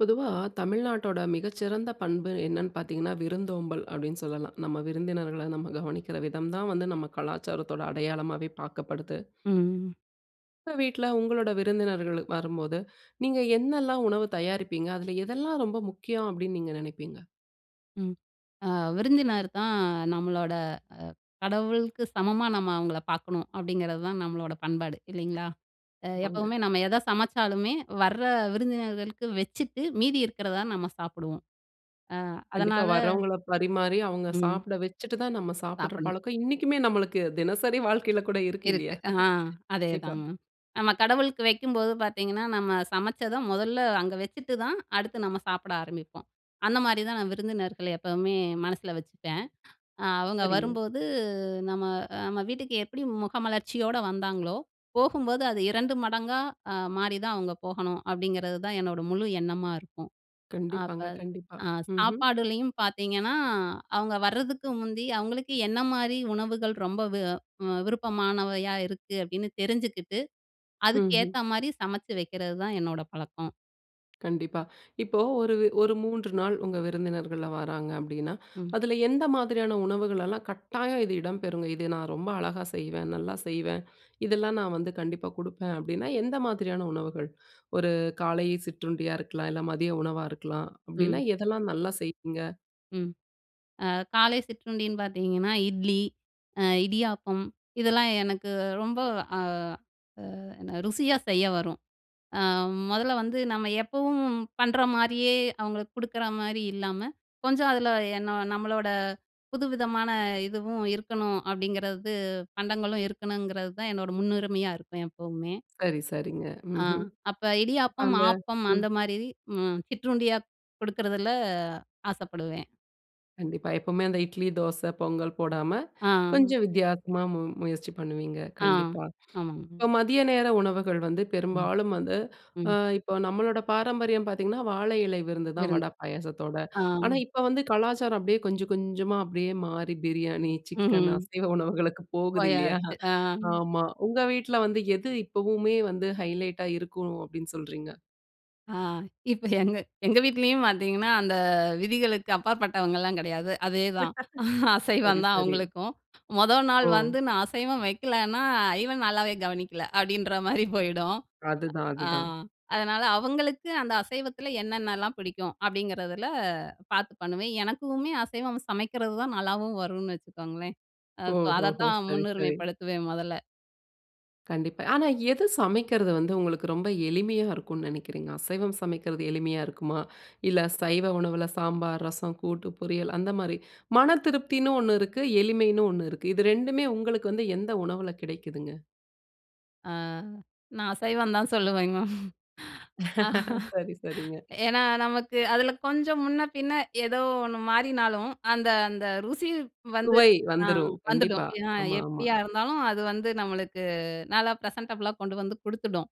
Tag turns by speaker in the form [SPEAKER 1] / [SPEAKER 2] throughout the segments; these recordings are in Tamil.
[SPEAKER 1] பொதுவா தமிழ்நாட்டோட மிகச்சிறந்த பண்பு என்னன்னு பார்த்தீங்கன்னா, விருந்தோம்பல் அப்படீன்னு சொல்லலாம். நம்ம விருந்தினர்கள நம்ம கவனிக்கிற விதம் தான் வந்து, நம்ம கலாச்சாரத்தோட அடையாளமாவே பார்க்கப்படுது.
[SPEAKER 2] ம்.
[SPEAKER 1] உங்க வீட்ல உங்களோட விருந்தினர்களு வரும்போது, நீங்க என்னெல்லாம் உணவு தயாரிப்பீங்க? அதில எதெல்லாம் ரொம்ப முக்கியம், அப்பிடீன்னு நீங்க நெனைப்பீங்க?
[SPEAKER 2] ம். அ விருந்தினர் தான் நம்மளோட அ கடவுளுக்கு சமமா, நம்ம அவங்கள பார்க்கணும். அப்பிடீங்கிறது தான் நம்மளோட பண்பாடு, இல்லீங்களா. அ
[SPEAKER 1] ஆமாங்க.
[SPEAKER 2] எப்பவுமே நம்ம எதை சமைச்சாலுமே, வர விருந்தினர்களுக்கு வச்சுட்டு, மீதி இருக்கிறத நம்ம சாப்பிடுவோம். அ
[SPEAKER 1] கண்டிப்பா.
[SPEAKER 2] அதனால
[SPEAKER 1] வரவங்கள பரிமாரி, அவுங்க
[SPEAKER 2] ம்.
[SPEAKER 1] சாப்பிட வச்சுட்டு தான், நம்ம சாப்பிடுற
[SPEAKER 2] சாப்பிடணும்.
[SPEAKER 1] பழக்கம் இன்னைக்குமே நம்மளுக்கு, தினசரி வாழ்க்கைல கூட இருக்கு, இல்லையா.
[SPEAKER 2] இருக்கு அ
[SPEAKER 1] கண்டிப்பா.
[SPEAKER 2] அதேதாங்க. நம்ம கடவுளுக்கு வைக்கும்போது பார்த்தீங்கன்னா, நம்ம சமைச்சத முதல்ல அங்க வச்சுட்டு தான், அடுத்து நம்ம சாப்பிட ஆரம்பிப்போம். அந்த மாரி தான், நான் விருந்தினர்கள எப்பவுமே மனசில வச்சுப்பேன். அ அவங்க
[SPEAKER 1] சரிங்க.
[SPEAKER 2] வரும்போது நம்ம அ நம்ம வீட்டுக்கு எப்படி முகமலர்ச்சியோட வந்தாங்களோ, போகும்போது அது 2 மடங்கா அ மாறிதான் அவங்க போகணும். அப்பிடீங்கிறது தான் என்னோட முழு எண்ணமா இருக்கும். அப்ப
[SPEAKER 1] கண்டிப்பாங்க கண்டிப்பா.
[SPEAKER 2] அ
[SPEAKER 1] ம்ஹ்ம்.
[SPEAKER 2] சாப்பாடுலேயும் பார்த்தீங்கன்னா, அவுங்க வரதுக்கு முந்தி, அவுங்களுக்கு என்ன மாரி உணவுகள் ரொம்ப வி அ விருப்பமானவையா இருக்கு அப்பிடீன்னு தெரிஞ்சுக்கிட்டு,
[SPEAKER 1] ம்ஹ்ம்.
[SPEAKER 2] அதுக்கேத்த மாரி, சமைச்சு வைக்கிறதுதான் என்னோட பழக்கம்.
[SPEAKER 1] கண்டிப்பா, இப்போ ஒரு ஒரு 3 நாள், உங்க விருந்தினர்கள்லாம் வாராங்க. அப்டின்னா,
[SPEAKER 2] ம்.
[SPEAKER 1] அதில எந்த மாதிரியான உணவுகளெல்லாம் கட்டாயம் இது இடம்பெறுங்க. இது நான் ரொம்ப அழகா செய்வேன். நல்லா செய்வேன். இதெல்லாம் நான் வந்து கண்டிப்பா குடுப்பேன். அப்டின்னா, எந்த மாதிரியான உணவுகள்? ஒரு காலை சிற்றுண்டியா இருக்கலாம். இல்ல மதிய உணவா இருக்கலாம். அப்டின்னா,
[SPEAKER 2] ம்.
[SPEAKER 1] எதெல்லாம் நல்லா செய்வீங்க?
[SPEAKER 2] ம் அ காலை சிற்றுண்டின்னு பாத்தீங்கன்னா, இட்லி, அ இடியாப்பம் இதெல்லாம் எனக்கு ரொம்ப அ அ என்ன, ருசியா செய்ய வரும். அ மொதல்ல வந்து, நம்ம எப்பவும் பண்ற மாரியே, அவங்களுக்கு குடுக்குற மாரி இல்லாம, கொஞ்சம் அதில என்ன, நம்மளோட புதுவிதமான இதுவும் இருக்கணும். அப்டிங்கிறது, பண்டங்களும் இருக்கணுங்கிறது தான் என்னோட முன்னுரிமையா இருக்கும். எப்பவுமே.
[SPEAKER 1] சரி சரிங்க.
[SPEAKER 2] ஆ
[SPEAKER 1] ம்ஹ்ம்.
[SPEAKER 2] அப்ப இடியாப்பம்,
[SPEAKER 1] அந்த
[SPEAKER 2] ஆப்பம்,
[SPEAKER 1] ம்.
[SPEAKER 2] அந்த மாரி ம் சிற்றுண்டியா குடுக்குறதில ஆசப்படுவேன்.
[SPEAKER 1] கண்டிப்பா, எப்பவுமே அந்த இட்லி, தோசை, பொங்கல் போடாம.
[SPEAKER 2] ஆ.
[SPEAKER 1] கொஞ்சம் வித்தியாசமா முயற்சி பண்ணுவீங்க.
[SPEAKER 2] ஆ
[SPEAKER 1] கண்டிப்பா,
[SPEAKER 2] ஆமாங்க.
[SPEAKER 1] இப்ப மதிய நேர உணவுகள் வந்து,
[SPEAKER 2] ம்
[SPEAKER 1] பெரும்பாலும் வந்து, அ
[SPEAKER 2] ம்.
[SPEAKER 1] இப்போ நம்மளோட பாரம்பரியம் பார்த்தீங்கன்னா, வாழை இலை விருந்து தான் வட
[SPEAKER 2] விருந்து.
[SPEAKER 1] பாயாசத்தோட.
[SPEAKER 2] ஆ.
[SPEAKER 1] ஆனா, இப்ப வந்து, கலாச்சாரம் அப்டியே கொஞ்ச கொஞ்சமா, அப்டியே மாறி, பிரியாணி, சிக்கன்,
[SPEAKER 2] ம்ஹ்ம்.
[SPEAKER 1] அசைவ உணவுகளுக்கு போகுது இல்லையா?
[SPEAKER 2] போயாச்சு. அ.
[SPEAKER 1] ஆமா, உங்க வீட்ல வந்து, எது இப்பவுமே வந்து ஹைலைட்டா இருக்கனும், அப்டின்னு சொல்றீங்க?
[SPEAKER 2] அ இப்ப எங்க எங்க வீட்லேயும் பார்த்தீங்கன்னா, அந்த விதிகளுக்கு அப்பாற்பட்டவங்கலாம் கெடையாது. அதேதான்
[SPEAKER 1] சரி,
[SPEAKER 2] அசைவம் தான்
[SPEAKER 1] சரி.
[SPEAKER 2] அவங்களுக்கும். மொத நாள்
[SPEAKER 1] ஓ!
[SPEAKER 2] வந்து நான் அசைவம் வைக்கலன்னா "இவன் நல்லாவே கவனிக்கல" அப்டின்ற மாதிரி போயிடும்.
[SPEAKER 1] அதுதான்,
[SPEAKER 2] அ
[SPEAKER 1] அதுதான்.
[SPEAKER 2] அதனால அவுங்களுக்கு அந்த அசைவத்தில என்னென்னலாம் பிடிக்கும் அப்படிங்கிறதில பார்த்து பண்ணுவேன். எனக்குமே அசைவம் சமைக்கிறது தான் நல்லாவும் வரும்னு வச்சுக்கோங்களேன் அ [unintelligible] அத
[SPEAKER 1] ஓஹோஹோ!
[SPEAKER 2] தான்
[SPEAKER 1] சரி,
[SPEAKER 2] முன்னுரிமை
[SPEAKER 1] சரி.
[SPEAKER 2] படுத்துவேன் மொதல.
[SPEAKER 1] கண்டிப்பா. ஆனா எது சமைக்கிறது வந்து உங்களுக்கு ரொம்ப எளிமையா இருக்கும்ன்னு நெனக்கிறீங்க? அசைவம் சமைக்குறது எளிமையா இருக்குமா? இல்ல சைவ உணவுல சாம்பார், ரசம், கூட்டு பொரியல் அந்த மாரி மன திருப்தின்னு ஒண்ணு இருக்கு, எளிமைன்னு ஒண்ணு இருக்கு. இது ரெண்டுமே உங்களுக்கு வந்து எந்த உணவுல கெடைக்குதுங்க?
[SPEAKER 2] அ நான் அசைவம் தான் சொல்லுவேங்க மேம்.
[SPEAKER 1] சரி, சரிங்க.
[SPEAKER 2] ஏன்னா நமக்கு அதில கொஞ்சம் முன்ன பின்னே ஏதோ ஒண்ணு மாறினாலும், அந்த அந்த ருசி வந்து
[SPEAKER 1] சுவை
[SPEAKER 2] அ
[SPEAKER 1] வந்துரும்
[SPEAKER 2] வந்துடும்
[SPEAKER 1] கண்டிப்பா.
[SPEAKER 2] ஏனா,
[SPEAKER 1] ஆமா, ஆமா.
[SPEAKER 2] எப்டியா இருந்தாலும் அது வந்து நம்மளுக்கு நல்லா ப்ரெசென்டபுள்ளா கொண்டு வந்து குடுத்துடும்.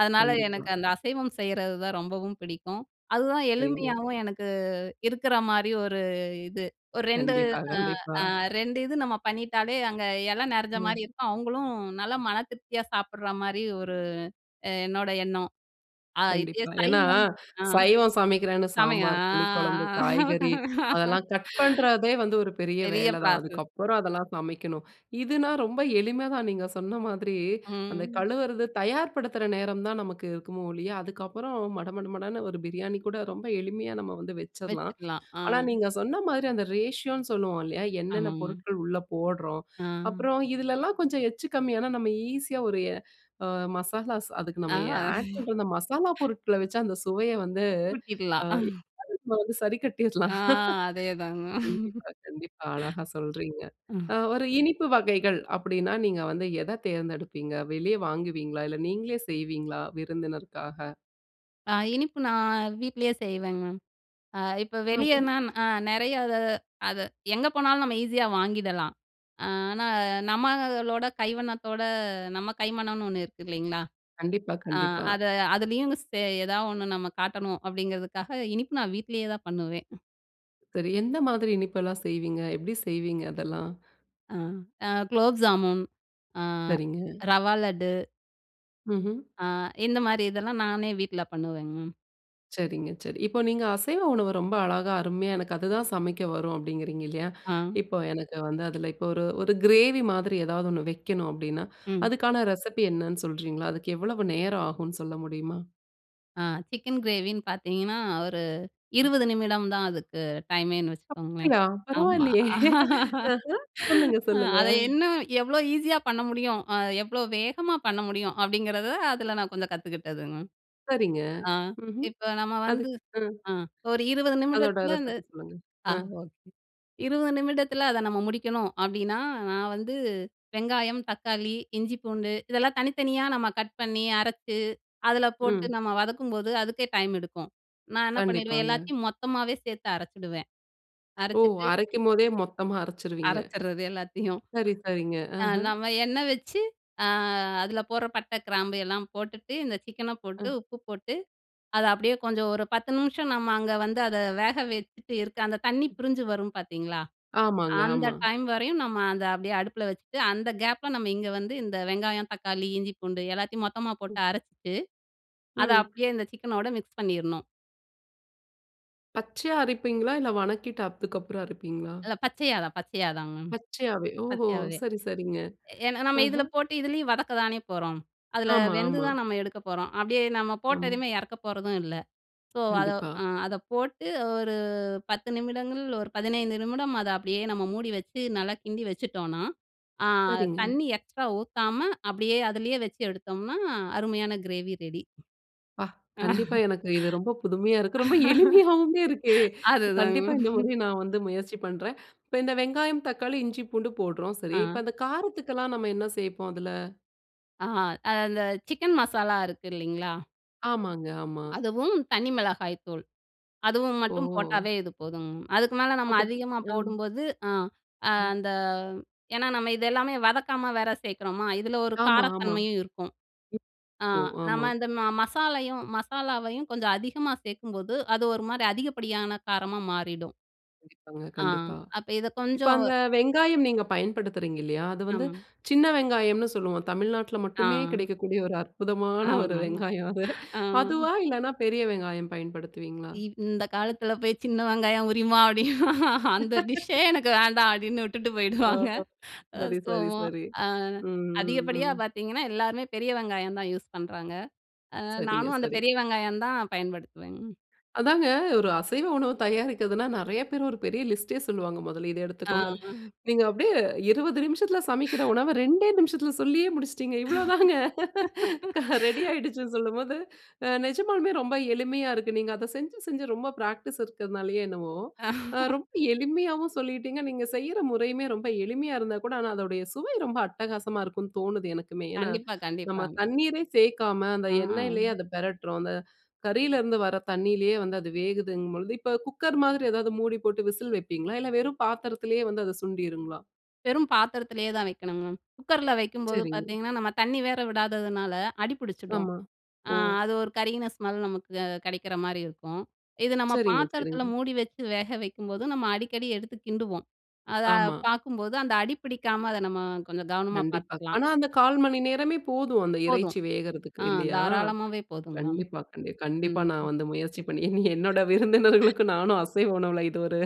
[SPEAKER 2] அதனால
[SPEAKER 1] கண்டிப்பா.
[SPEAKER 2] எனக்கு அந்த அசைவம் செய்றதுதான் ரொம்பவும் பிடிக்கும். அதுதான்
[SPEAKER 1] சரிங்க.
[SPEAKER 2] எளுமையாவும் எனக்கு இருக்குற மாரி ஒரு இது. ஒரு ரெண்டு
[SPEAKER 1] கண்டிப்பா, கண்டிப்பா.
[SPEAKER 2] அ அ ரெண்டு இது நம்ம பண்ணிட்டாலே, அங்க இலை நிறைஞ்ச
[SPEAKER 1] ம்.
[SPEAKER 2] மாதிரி இருக்கும். அவுங்களும் நல்லா மன திருப்தியா சாப்பிடுற மாரி ஒரு அ என்னோட எண்ணம். ஆ இதே
[SPEAKER 1] கண்டிப்பா. ஏன்னா
[SPEAKER 2] சைவம் ஆ
[SPEAKER 1] சைவம் சமைக்கிறேன்னு
[SPEAKER 2] சாமியா
[SPEAKER 1] சாம்பார், புளிக்குழம்பு,
[SPEAKER 2] அ.
[SPEAKER 1] காய்கறி அதெல்லா கட் பண்றதே வந்து ஒரு
[SPEAKER 2] [unintelligible]
[SPEAKER 1] பெரிய
[SPEAKER 2] பெரிய
[SPEAKER 1] வேலைதான்.
[SPEAKER 2] பிராசஸ்
[SPEAKER 1] அதுக்கப்புறம் அதெல்லாம் சமைக்கணும். இதுனா ரொம்ப எளிமைதான். நீங்க சொன்ன மாதிரி, அந்த
[SPEAKER 2] ம்.
[SPEAKER 1] கழுவுறது தயார்படுத்துற நேரம் தான் நமக்கு இருக்குமே ஒழிய, அதுக்கப்புறம் மட மட மடன்னு ஒரு பிரியாணி கூட ரொம்ப எளிமையா நம்ம வந்து வச்சிறலாம்.
[SPEAKER 2] வச்சிக்கலாம். ஆ.
[SPEAKER 1] ஆனா நீங்க சொன்ன மாதிரி அந்த ரேஷியோன்னு சொல்லுவோம் இல்லையா? என்னென்ன
[SPEAKER 2] ஆமாங்க.
[SPEAKER 1] பொருட்கள் உள்ள போட்றோம்?
[SPEAKER 2] ஆ.
[SPEAKER 1] அப்புறம் இதுலலாம் கொஞ்சம் எச்சு கம்மியானா நம்ம ஈஸியா ஒரு எ அ மசாலாஸ் அதுக்கு
[SPEAKER 2] ஆ.
[SPEAKER 1] நம்ம எ ஆட் பண்ண அந்த மசாலா பொருட்கல வச்சு அந்த சுவைய வந்து, அ
[SPEAKER 2] கூட்டிக்லாம்
[SPEAKER 1] [unintelligible] வந்து சரிக்கட்டிறலாம்.
[SPEAKER 2] ஆ அதே தாங்க.
[SPEAKER 1] கண்டிப்பா, கண்டிப்பா அழகா சொல்றீங்க
[SPEAKER 2] ம்.
[SPEAKER 1] அ ஒரு இனிப்பு வகைகள் அப்டின்னா, நீங்க வந்து எத தேர்ந்தெடுப்பீங்க? வெளிய வாங்குவீங்களா? இல்ல நீங்களே செய்வீங்களா? விருந்தினருக்காக.
[SPEAKER 2] அ இனிப்பு நான் வீட்டுலேயே செய்வேங்க மேம். அ இப்போ
[SPEAKER 1] ம்ஹும்.
[SPEAKER 2] வெளியேனா அ நெறைய அத அத எங்க போனாலும் நம்ம ஈஸியா வாங்கிடலாம். ஆனா, நம்பளோட கைவண்ணத்தோட நம்ம கைமனம்னு, 1 இருக்கு இல்லங்களா?
[SPEAKER 1] கண்டிப்பா,
[SPEAKER 2] அ
[SPEAKER 1] கண்டிப்பா.
[SPEAKER 2] அத அதுலயும் சே எதாவது ஒண்ணு நம்ம காட்டணும் அப்படிங்குறதுக்காக இனிப்பு நான் வீட்டுலேயே தான் பண்ணுவேன்.
[SPEAKER 1] சரி, எந்த மாதிரி இனிப்பு எல்லாம் செய்வீங்க, எப்படி செய்வீங்க? அதெல்லாம்.
[SPEAKER 2] ம். அ குலோப் ஜாமூன், அ
[SPEAKER 1] சரிங்க.
[SPEAKER 2] ரவா லட்டு.
[SPEAKER 1] ம்ஹும்.
[SPEAKER 2] ஆ இந்த மாரி இதெல்லாம் நானே வீட்டுல பண்ணுவேங்கம்ம
[SPEAKER 1] சரிங்க, சரி. இப்போ நீங்க அசைவ உணவு ரொம்ப அழகா, அருமையா எனக்கு அதுதான் சமைக்க வரும், அப்படிங்குறீங்க இல்லயா?
[SPEAKER 2] ஆ.
[SPEAKER 1] இப்போ எனக்கு வந்து அதுல இப்போ ஒரு ஒரு கிரேவி மாரி ஏதாவது ஒண்ணு வைக்கணும். அப்படின்னா,
[SPEAKER 2] ம்.
[SPEAKER 1] அதுக்கான ரெசிபி என்னன்னு சொல்கிறீங்களா? அதுக்கு எவ்வளவு நேரம் ஆகும்னு சொல்ல முடியுமா?
[SPEAKER 2] அ சிக்கன் கிரேவின்னு பாத்தீங்கன்னா, ஒரு
[SPEAKER 1] ம்.
[SPEAKER 2] 20 நிமிடம் தான் அதுக்கு டைமேன்னு வச்சுக்கோங்களேன்.
[SPEAKER 1] அப்படியா!
[SPEAKER 2] ஆமா.
[SPEAKER 1] பரவாயில்லையே, ஆஹ சொல்லுங்க, சொல்லுங்க.
[SPEAKER 2] அத இன்னும் எவ்வளவு ஈஸியா பண்ண முடியும், எவ்வளோ வேகமா பண்ண முடியும். அப்படிங்குறத அதுல நான் கொஞ்சம் கத்துக்கிட்டதும்மா.
[SPEAKER 1] சரிங்க.
[SPEAKER 2] ஆ
[SPEAKER 1] ம்ஹ்ம்,
[SPEAKER 2] இப்போ, நம்ம
[SPEAKER 1] அது
[SPEAKER 2] வந்து
[SPEAKER 1] அ.
[SPEAKER 2] ஆ ஒரு 20
[SPEAKER 1] அதோட
[SPEAKER 2] நிமிடத்துல இந்த
[SPEAKER 1] ரெசிபி சொல்லுங்க.
[SPEAKER 2] ஆ
[SPEAKER 1] ஆ.
[SPEAKER 2] ஓகே! 20 நிமிடத்துல அத நம்ம முடிக்கணும். அப்படின்னா, நான் வந்து வெங்காயம், தக்காளி, இஞ்சி, பூண்டு இதெல்லாம் தனித்தனியா நம்ப கட் பண்ணி அரைச்சு, அதுல போட்டு
[SPEAKER 1] ம்.
[SPEAKER 2] நம்ப வதக்கும்போது அதுக்கே டைம் எடுக்கும். நான் என்ன பண்ணிவிடுவேன்,
[SPEAKER 1] கண்டிப்பாங்க.
[SPEAKER 2] எல்லாத்தையும் மொத்தமாவே சேர்த்து அரைச்சிடுவேன்,
[SPEAKER 1] ஓ!
[SPEAKER 2] அரைச்சுட்டு
[SPEAKER 1] அரைக்கும்போதே மொத்தமா அரைச்சிருவீங்க.
[SPEAKER 2] அரைச்சிடுறது எல்லாத்தையும்.
[SPEAKER 1] சரி சரிங்க
[SPEAKER 2] அ
[SPEAKER 1] ஆஹ.
[SPEAKER 2] நம்ம எண்ணெய் வச்சு அ அதுல போடுற பட்டை, கிராம்பு எல்லாம் போட்டுட்டு இந்த சிக்கன்ன
[SPEAKER 1] அ.
[SPEAKER 2] போட்டு, உப்பு போட்டு அத அப்படியே கொஞ்சம் ஒரு 10 நிமிஷம் நம்ப அங்க வந்து அத வேக வச்சுட்டு இருக்க, அந்த தண்ணீ பிரிஞ்சு வரும் பாத்தீங்களா?
[SPEAKER 1] ஆமாங்க,
[SPEAKER 2] அந்த
[SPEAKER 1] ஆமா.
[SPEAKER 2] டைம் வரையும் நம்ப அத அப்படியே அடுப்புல வச்சுட்டு, அந்த கேப்புல நம்ப இங்க வந்து இந்த வெங்காயம், தக்காளி, இஞ்சி, பூண்டு எல்லாத்தையும் மொத்தமா
[SPEAKER 1] ம்.
[SPEAKER 2] போட்டு அரைச்சுட்டு அத
[SPEAKER 1] ம்.
[SPEAKER 2] அப்படியே இந்த சிக்கனோடு மிக்ஸ் பண்ணிடணும்.
[SPEAKER 1] பச்சையா அரைப்பீங்களா? இல்ல வணக்கிட்டு அதுக்கப்புறம் அரைப்பீங்களா?
[SPEAKER 2] இல்ல பச்சையாதான், பச்சையாகதாங்க மேம்.
[SPEAKER 1] பச்சையாவே ஓஹோ!
[SPEAKER 2] பச்சையாவே!
[SPEAKER 1] சரி, சரிங்க.
[SPEAKER 2] ஏனா, நம்ம
[SPEAKER 1] ஆஹா!
[SPEAKER 2] இதுல போட்டு, இதுலயும் வதக்கதானே போறோம். அதில
[SPEAKER 1] ஆமா,
[SPEAKER 2] வெந்து
[SPEAKER 1] ஆமா.
[SPEAKER 2] தான் நம்ம எடுக்க போறோம். அப்பிடியே நம்ம
[SPEAKER 1] ஆமா.
[SPEAKER 2] போட்டதுமே இறக்க போறதும் இல்ல. ஸோ, அத
[SPEAKER 1] கண்டிப்பா.
[SPEAKER 2] அ அத போட்டு ஒரு 10 நிமிடங்கள், ஒரு 15 நிமிடம் அத அப்பிடியே நம்ம மூடி வச்சு நல்லா கிண்டி வச்சுட்டோன்னா, ஆ
[SPEAKER 1] சரிங்க.
[SPEAKER 2] தண்ணீ எக்ஸ்ட்ரா ஊத்தாம, அப்பிடியே அதிலேயே வச்சு எடுத்தோம்னா அருமையான கிரேவி ரெடி.
[SPEAKER 1] அப்பா, கண்டிப்பா எனக்கு இது ரொம்ப புதுமையா இருக்கு. ரொம்ப எளிமையாவுமே இருக்கு.
[SPEAKER 2] அதுதாங்க
[SPEAKER 1] கண்டிப்பா இந்த
[SPEAKER 2] மேம்.
[SPEAKER 1] முறை நான் வந்து முயற்சி பண்றேன். இப்ப இந்த வெங்காயம், தக்காளி, இஞ்சி, பூண்டு போடுறோம் சரி.
[SPEAKER 2] ஆ.
[SPEAKER 1] இப்ப அந்த காரத்துக்கெல்லாம் நம்ம என்ன சேர்ப்போம்? அதுல.
[SPEAKER 2] ஆ அது அந்த சிக்கன் மசாலா இருக்கு இல்லேங்களா?
[SPEAKER 1] ஆமாங்க. ஆமா.
[SPEAKER 2] அதுவும் தனி மிளகாய்த்தூள், அதுவும் மட்டும்
[SPEAKER 1] ஓ!
[SPEAKER 2] போட்டாவே இது போதுங்க மேம். அதுக்கு மேல நம்ம
[SPEAKER 1] அப்ப
[SPEAKER 2] அதிகமா
[SPEAKER 1] [unintelligible] ஆ.
[SPEAKER 2] போடும்போது, ஆ
[SPEAKER 1] ம்.
[SPEAKER 2] அந்த ஏன்னா நம்ம இத எல்லாமே வதக்காம வேற சேர்க்கிறோமா! இதில ஒரு
[SPEAKER 1] ஆமா, ஆமா. [unintelligible]
[SPEAKER 2] காரத்தன்மையும் இருக்கும். ஆ
[SPEAKER 1] கோ ஆமா.
[SPEAKER 2] நம்ம இந்த ம மசாலையும், மசாலாவையும் கொஞ்சம் அதிகமா சேர்க்கும்போது, அது ஒருமாரி அதிகப்படியான காரமா மாறிடும்.
[SPEAKER 1] கண்டிப்பாங்க.
[SPEAKER 2] ஆ
[SPEAKER 1] கண்டிப்பா.
[SPEAKER 2] அப்ப இத
[SPEAKER 1] இப்ப
[SPEAKER 2] கொஞ்சம்
[SPEAKER 1] அந்த வெங்காயம் நீங்க பயன்படுத்துறீங்க இல்லயா! அது வந்து
[SPEAKER 2] ஆமா.
[SPEAKER 1] சின்ன வெங்காயம்னு சொல்லுவோம். தமிழ்நாட்டுல மட்டுமே
[SPEAKER 2] ஆ.
[SPEAKER 1] கிடைக்கக்கூடிய ஒரு அற்புதமான ஒரு
[SPEAKER 2] ஆமா,
[SPEAKER 1] வெங்காயம் அது.
[SPEAKER 2] ஆ.
[SPEAKER 1] அதுவா? இல்லன்னா பெரிய வெங்காயம் பயன்படுத்துவீங்களா?
[SPEAKER 2] இவ் இந்த காலத்தில போய் சின்ன வெங்காயம் உரிமா அப்பிடின்னா, அந்த டிஷ்ஷே எனக்கு வேண்டாம் அப்பிடின்னு விட்டுட்டு
[SPEAKER 1] ஓ!
[SPEAKER 2] போயிடுவாங்க.
[SPEAKER 1] ஓ!
[SPEAKER 2] அது
[SPEAKER 1] சரி
[SPEAKER 2] ஸோ,
[SPEAKER 1] சரி
[SPEAKER 2] மா
[SPEAKER 1] சரி
[SPEAKER 2] அ
[SPEAKER 1] ம் ம்
[SPEAKER 2] அதிகப்படியா
[SPEAKER 1] ம்.
[SPEAKER 2] பார்த்தீங்கன்னா, எல்லாருமே பெரிய வெங்காயம் தான் யூஸ் பண்றாங்க. அ
[SPEAKER 1] சரிங்க,
[SPEAKER 2] நானும் அந்த
[SPEAKER 1] சரி.
[SPEAKER 2] பெரிய வெங்காயம் தான் பயன்படுத்துவேங்க.
[SPEAKER 1] அதாங்க. ஒரு அசைவ உணவு தயாரிக்கிறதுனா நிறைய பேர் ஒரு பெரிய லிஸ்ட்டே சொல்லுவாங்க. முதல்ல இத
[SPEAKER 2] ஆ,
[SPEAKER 1] எடுத்துக்கோங்க, அது
[SPEAKER 2] ஆ
[SPEAKER 1] நீங்க அப்பிடியே 20 நிமிஷத்தில சமைக்கிற உணவ 2டே நிமிஷத்தில சொல்லியே முடிச்சுட்டீங்க. இவ்ளோதாங்க. க ரெடி ஆயிடுச்சுன்னு சொல்லும்போது, அ நிஜமாலுமே ரொம்ப எளிமைய இருக்கு. நீங்க அத செஞ்சு, செஞ்சு ரொம்ப பிராக்டிஸ் இருக்கனாலயோ என்னவோ! ரொம்ப எளிமையாவும் சொல்லீட்டீங்க. நீங்க செய்யிற முறையுமே ரொம்ப எளிமையா இருந்தாகூட ஆனா, அதோடைய சுவை ரொம்ப அட்டகாசமா இருக்குன்னு தோணுது எனக்குமே! ஏன்னா,
[SPEAKER 2] கண்டிப்பா,
[SPEAKER 1] நம்ம
[SPEAKER 2] கண்டிப்பாங்க.
[SPEAKER 1] தண்ணீரே சேர்க்காம, அந்த
[SPEAKER 2] ஆ.
[SPEAKER 1] எண்ணெயிலேயே அத பெரட்டுறோம். அந்த கறியில இருந்து வர தண்ணிலயே வந்து அது வேகுதுங்கும்பொழுது, இப்ப குக்கர் மாரி எதாவது மூடி போட்டு விசில் வைப்பீங்களா? இல்ல வெறும் பாத்திரத்திலேயே வந்து அது சுண்டிடுருங்களா?
[SPEAKER 2] வெறும் பாத்திரத்திலேயே தான் வைக்கணும்மேம். குக்கர்ல வைக்கும்போது
[SPEAKER 1] சரிங்க.
[SPEAKER 2] பார்த்தீங்கன்னா நம்ம தண்ணி வேற விடாததுனால அடி புடிச்சிடும்.
[SPEAKER 1] ஆமா.
[SPEAKER 2] அ
[SPEAKER 1] ஓ.
[SPEAKER 2] அது ஒரு கருகின ஸ்மெல் நமக்கு கெடைக்கிற மாரி இருக்கும். இது நம்ம
[SPEAKER 1] சரிங்க
[SPEAKER 2] பாத்திரத்தில
[SPEAKER 1] சரிங்க.
[SPEAKER 2] மூடி வச்சு வேக வைக்கும்போது நம்ம அடிக்கடி எடுத்து கிண்டுவோம். அத
[SPEAKER 1] ஆமா.
[SPEAKER 2] பார்க்கும்போது அந்த அடி பிடிக்காம அத நம்ம கொஞ்சம் கவனமா
[SPEAKER 1] கண்டிப்பா.
[SPEAKER 2] பார்த்துக்கலாம்.
[SPEAKER 1] ஆனா அந்த 1/4 மணி நேரமே போதும் அந்த
[SPEAKER 2] போதும்.
[SPEAKER 1] இறைச்சி வேகுறதுக்கு
[SPEAKER 2] ஆ
[SPEAKER 1] இல்லையா?
[SPEAKER 2] தாராளமாவே போதுங்க மேம்
[SPEAKER 1] கண்டிப்பா, கண்டி கண்டிப்பா
[SPEAKER 2] ம்.
[SPEAKER 1] நான் வந்து முயற்சி பண்ணி, இனி என்னோட விருந்தினர்களுக்கும் நானும் அசைவ உணவுல இது ஒரு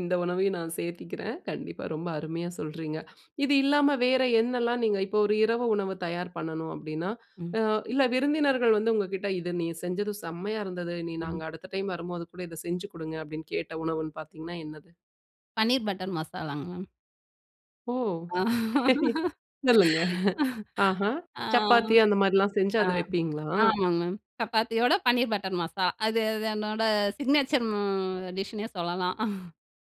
[SPEAKER 1] இந்த உணவையும் நான் சேர்த்துக்கிறேன். கண்டிப்பா ரொம்ப அருமையா சொல்கிறீங்க. இது இல்லாம வேற என்னலாம் நீங்க இப்போ ஒரு இரவு உணவு தயார் பண்ணணும் அப்படின்னா,
[SPEAKER 2] ம்.
[SPEAKER 1] அ இல்ல விருந்தினர்கள் வந்து உங்க கிட்ட "இதை நீ செஞ்சது செம்மையா இருந்தது. நீ
[SPEAKER 2] ம்.
[SPEAKER 1] நாங்க அடுத்த டைம் வரும்போது கூட இத செஞ்சு குடுங்க." அப்படின்னு கேட்ட உணவுன்னு பார்த்தீங்கன்னா, என்னது?
[SPEAKER 2] பன்னீர் பட்டர் மசாலாங்க, மேம்.
[SPEAKER 1] ஓ!
[SPEAKER 2] ஆ.
[SPEAKER 1] சொல்லுங்க ஆஹா!
[SPEAKER 2] ஆ.
[SPEAKER 1] சப்பாத்தி அந்த மாரிலாம் செஞ்சு அத வைப்பீங்களா?
[SPEAKER 2] ஆமாங்க மேம். சப்பாத்தியோட பன்னீர் பட்டர் மசாலா. அது அது என்னோட சிக்னேச்சர் ம் டிஷ்ஷு ன்னே சொல்லலாம்.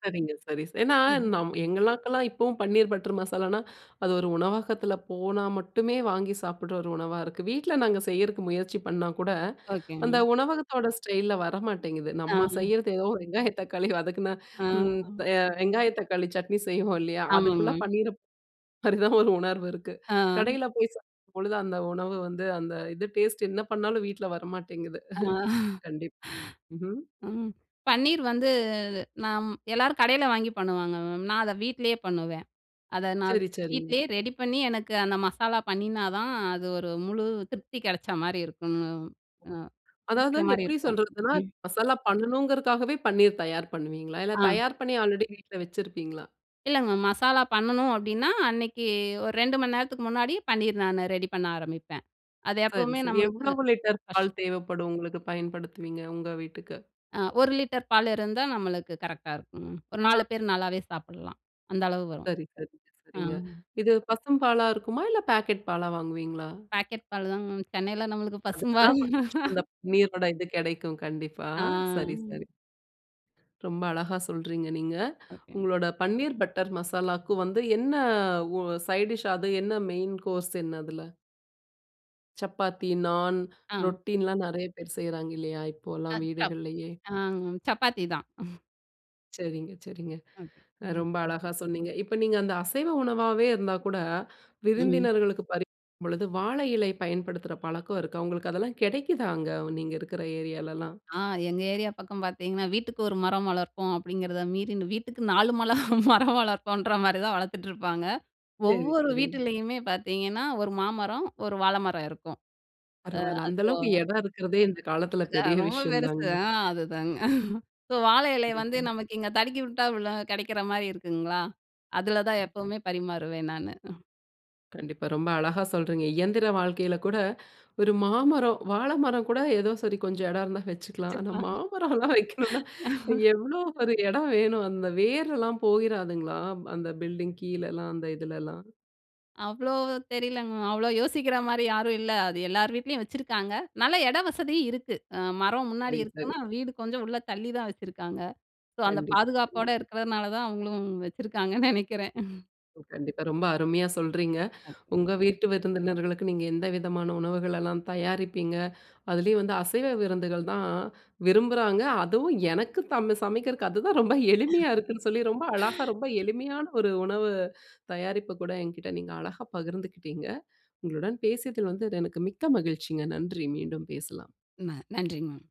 [SPEAKER 1] சரிங்க, சரி ச. ஏன்னா
[SPEAKER 2] ம்.
[SPEAKER 1] நம் எங்களுக்கெல்லாம் இப்போவும் பன்னீர் பட்டர் மசாலானா, அது ஒரு உணவகத்தில போனா மட்டுமே வாங்கி சாப்பிடுற ஒரு உணவா இருக்கு. வீட்ல நாங்க செய்றதுக்கு முயற்சி பண்ணா கூட, அந்த
[SPEAKER 2] ஓகேங்.
[SPEAKER 1] உணவகத்தோட ஸ்டைல்ல வர மாட்டேங்குது.
[SPEAKER 2] ஆ.
[SPEAKER 1] நம்ம செய்றது ஏதோ ஒரு வெங்காய தக்காளி வதக்குனா
[SPEAKER 2] ஆ.
[SPEAKER 1] ம் ப வெங்காய தக்காளி சட்னி செய்வோம் இல்லையா?
[SPEAKER 2] ஆமாங்க
[SPEAKER 1] அதுக்குள்ள
[SPEAKER 2] மேம்.
[SPEAKER 1] பன்னீரப் பரி [unintelligible] தான் ஒரு உணர்வு இருக்கு.
[SPEAKER 2] ஆ.
[SPEAKER 1] கடையில போய் சாப்பிடும் பொழுது அந்த உணவு வந்து அந்த இது டேஸ்ட் என்ன பண்ணாலும் வீட்ல வரமாட்டேங்குது.
[SPEAKER 2] ஆமா.
[SPEAKER 1] கண்டிப்பா. ம்ஹ்ம்.
[SPEAKER 2] ம். பன்னீர் வந்து நாம் எல்லாரும் கடையில வாங்கி பண்ணுவாங்க மேம். நான் அத வீட்லயே பண்ணுவேன். அத நான்
[SPEAKER 1] சரி சரிங்க.
[SPEAKER 2] வீட்லயே ரெடி பண்ணி எனக்கு அந்த மசாலா பண்ணினா தான் அது ஒரு முழு திருப்தி கிடைச்ச மாரி இருக்கும்.
[SPEAKER 1] ஓ.
[SPEAKER 2] அம். அ
[SPEAKER 1] அதாவது
[SPEAKER 2] இருக்கிற மாரி
[SPEAKER 1] எப்டி
[SPEAKER 2] இருக்கும்.
[SPEAKER 1] சொல்றதுன்னா
[SPEAKER 2] ம்.
[SPEAKER 1] மசாலா பண்ணனும்ங்றக்காகவே பன்னீர் தயார் பண்ணுவீங்களா? இல்ல
[SPEAKER 2] ஆ.
[SPEAKER 1] தயார் பண்ணி ஆல்ரெடி வீட்ல வச்சுருப்பீங்களா?
[SPEAKER 2] இல்லை மேம், மசாலா பண்ணணும் அப்படீன்னா, அன்னைக்கு ஒரு 2 மணி நேரத்துக்கு முன்னாடி, பன்னீர் நானு ரெடி பண்ண ஆரம்பிப்பேன். அது
[SPEAKER 1] சரி,
[SPEAKER 2] எப்பவுமே
[SPEAKER 1] சரி.
[SPEAKER 2] நம்மளுக்கு
[SPEAKER 1] எவ்வளவு லிட்டர்
[SPEAKER 2] கஷ்
[SPEAKER 1] பால் தேவைப்படும் உங்களுக்கு? பயன்படுத்துவீங்க உங்க வீட்டுக்கு?
[SPEAKER 2] அ 1 லிட்டர் பால் இருந்தா நம்மளுக்கு கரெக்ட்‌டா இருக்கும். ஒரு 4 பேர் நல்லாவே சாப்பிடலாம். அந்த அளவு வரும்.
[SPEAKER 1] சரி, சரிங்க, சரிங்க.
[SPEAKER 2] ம்.
[SPEAKER 1] இது பசும்பாலா இருக்குமா? இல்ல பேக்கெட் பாலா வாங்குவீங்களா?
[SPEAKER 2] பாக்கெட் பால் தான் மேம். சென்னைல நம்மளுக்கு
[SPEAKER 1] அதுக்கு
[SPEAKER 2] பசும்பால்.
[SPEAKER 1] தான் கொஞ்சம் அந்த
[SPEAKER 2] [unintelligible]
[SPEAKER 1] நீரோட இது கிடைக்கும் கண்டிப்பா.
[SPEAKER 2] ஆ.
[SPEAKER 1] சரி, சரி. ரொம்ப அழகா சொல்றீங்க, நீங்க.
[SPEAKER 2] ஒகேங்க.
[SPEAKER 1] உங்களோட பன்னீர் பட்டர் மசாலாக்கு வந்து என்ன ஒ சைட் டிஷ்? அது என்ன மெயின் கோர்ஸ் என்ன அதுல? சப்பாத்தி, நாண்,
[SPEAKER 2] ஆ.
[SPEAKER 1] ரொட்டின்னுல்லாம் நெறைய பேர் செய்றாங்க இல்லையா? இப்போல்லாம்
[SPEAKER 2] அது சப்
[SPEAKER 1] வீடுகள்லேயே.
[SPEAKER 2] அ சப்பாத்தி தான்.
[SPEAKER 1] சரிங்க, சரிங்க.
[SPEAKER 2] ஓகே! ம்.
[SPEAKER 1] ரொம்ப அழகா சொன்னீங்க. இப்ப நீங்க அந்த அசைவ உணவாவே இருந்தா கூட,
[SPEAKER 2] ம்.
[SPEAKER 1] விருந்தினர்களுக்கு பரிமாறும் பொழுது வாழையிலை பயன்படுத்துற பழக்கம் இருக்கா? உங்களுக்கு அதெல்லாம் கெடைக்குதா? அங்க நீங்க இருக்குற ஏரியாலல்லாம்.
[SPEAKER 2] ஆ எங்க ஏரியா பக்கம் பார்த்தீங்கன்னா, வீட்டுக்கு 1 மரம் வளர்ப்போம் அப்படீங்கிறதை மீறி, வீட்டுக்கு 4 மல மரம் வளர்ப்போன்ற மாரி தான் வளர்த்துட்டுருப்பாங்க.
[SPEAKER 1] சரி,
[SPEAKER 2] ஒவ்வொரு
[SPEAKER 1] சரிங்க.
[SPEAKER 2] வீட்டுலயுமே பார்த்தீங்கன்னா, ஒரு மாமரம், ஒரு வாழைமரம் இருக்கும். அ
[SPEAKER 1] பரவால்ல. அந்த அளவுக்கு
[SPEAKER 2] அசோகா
[SPEAKER 1] இடம் இருக்கிறதே, இந்த காலத்தில
[SPEAKER 2] அது
[SPEAKER 1] பெரிய
[SPEAKER 2] ரொம்ப
[SPEAKER 1] விஷயம்
[SPEAKER 2] பெருசு
[SPEAKER 1] தானுங்க.
[SPEAKER 2] ஆ, அதுதாங்க. ஸோ வாழை இலையை வந்து
[SPEAKER 1] கண்டிப்பா.
[SPEAKER 2] நமக்கு இங்க தடுக்கி விட்டா, விழ கிடைக்கிற மாரி இருக்குங்களா? அதில தான் எப்பவுமே பரிமாறுவேன் நானு. ஹ்ம்.
[SPEAKER 1] கண்டிப்பா. ரொம்ப அழகா சொல்றீங்க. இயந்திர வாழ்க்கையில கூட, ஒரு மாமரம் வாழை மரம் கூட ஏதோ சரி கொஞ்சம் இடம் இருந்தா வச்சுக்கலாம். ஆனா
[SPEAKER 2] வச்சிருக்கலாம்.
[SPEAKER 1] மாமரம்லாம் வைக்கணும்னா, எவ்வளோ ஒரு இடம் வேணும்? அந்த வேரல்லாம் போயிறாதுங்களா? அந்த பில்டிங் கீழலாம், அந்த இதுலலாம்?
[SPEAKER 2] அவ்வளோ தெரியலங்க மேம். அவ்வளோ யோசிக்கிற மாரி யாரும் இல்ல. அது எல்லார் வீட்டிலயும் வச்சுருக்காங்க. நல்லா இட வசதியும் இருக்கு. அ மரம் முன்னாடி
[SPEAKER 1] சரி, சரி.
[SPEAKER 2] இருக்குன்னா, வீடு கொஞ்சம் உள்ள தள்ளி தான் வச்சுருக்காங்க. சோ அந்த
[SPEAKER 1] கண்டிப்பா,
[SPEAKER 2] பாதுகாப்போடு
[SPEAKER 1] கண்டிப்பா.
[SPEAKER 2] இருக்கிறதுனால தான் அவங்களும் வச்சுருக்காங்கன்னு நெனைக்கிறேன்.
[SPEAKER 1] கண்டிப்பா. ரொம்ப அருமையா சொல்றீங்க.
[SPEAKER 2] [unintelligible]
[SPEAKER 1] உங்க வீட்டு விருந்தினர்களுக்கு நீங்க எந்த விதமான உணவுகளெல்லாம் தயாரிப்பீங்க. அதுலேயும் வந்து அசைவ விருந்துகள் தான் விரும்புறாங்க, அதுவும் எனக்கு தம் சமைக்கிறதுக்கு அதுதான் ரொம்ப எளிமையா இருக்குன்னு சொல்லி, ரொம்ப அழகா, ரொம்ப எளிமையான ஒரு உணவு தயாரிப்ப கூட என்கிட்ட நீங்க அழகா பகிர்ந்துக்கிட்டீங்க. உங்களுடன் பேசியதில் வந்து அது எனக்கு மிக்க மகிழ்ச்சிங்க. நன்றி. மீண்டும் பேசலாம்.
[SPEAKER 2] ந நன்றி, மேம்.